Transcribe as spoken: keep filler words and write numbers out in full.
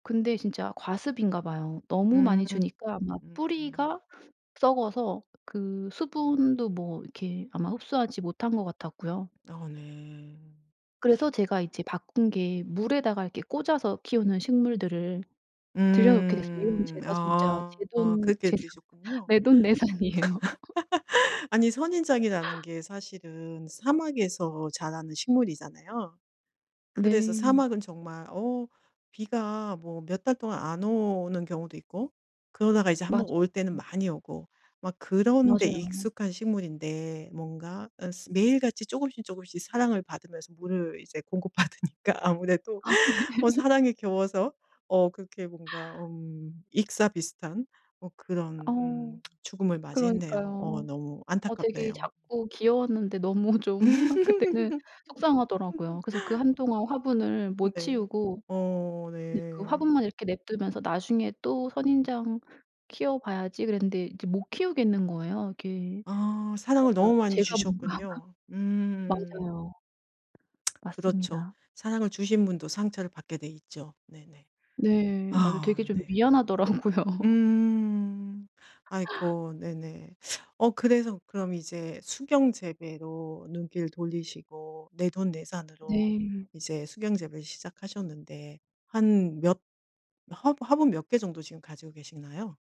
근데 진짜 과습인가 봐요. 너무 음. 많이 음 주니까 막 음. 뿌리가 썩어서 그 수분도 뭐 이렇게 아마 흡수하지 못한 것 같았고요. 어 네. 그래서 제가 이제 바꾼 게 물에다가 이렇게 꽂아서 키우는 식물들을 들여 놓게 됐어요. 이건 음. 제가 진짜 아. 그렇게 제돈제산 되셨군요. 내돈내산이에요. 아니 선인장이라는 게 사실은 사막에서 자라는 식물이잖아요. 그래서 네. 사막은 정말 어 비가 뭐 몇 달 동안 안 오는 경우도 있고 그러다가 이제 한 번 올 맞아요. 때는 많이 오고 막 그런 데 맞아요. 익숙한 식물인데 뭔가 어 매일같이 쪼금씩, 쪼금씩 사랑을 받으면서 물을 이제 공급받으니까 아무래도 아 네. 어 사랑에 겨워서 어 그렇게 뭔가 음 익사 비슷한 뭐 그런 음 어. 죽음을 맞이했네요. 어 그러니까요. 너무 어 되게 안타깝네요. 작고 귀여웠는데 너무 좀 그때는 속상하더라고요. 그래서 그 한동안 화분을 못 네. 치우고 어 근데 그 네. 화분만 이렇게 내버려 두면서 '나중에 또 선인장 키워 봐야지.' 그랬는데 이제 못 키우겠는 거예요. 이게 아. 사랑을 제가 너무 많이 제가 뭔가 주셨군요. 음. 맞아요. 그렇죠. 맞습니다. 사랑을 주신 분도 상처를 받게 돼 있죠. 네네. 네. 맞아요. 아 되게 좀 네. 미안하더라고요. 음. 아이코. 네네. 어 그래서 그럼 이제 수경 재배로 눈길 돌리시고 내돈내산으로 네. 이제 수경 재배를 시작하셨는데 한 몇 화분 화분 몇 개 정도 지금 가지고 계시나요?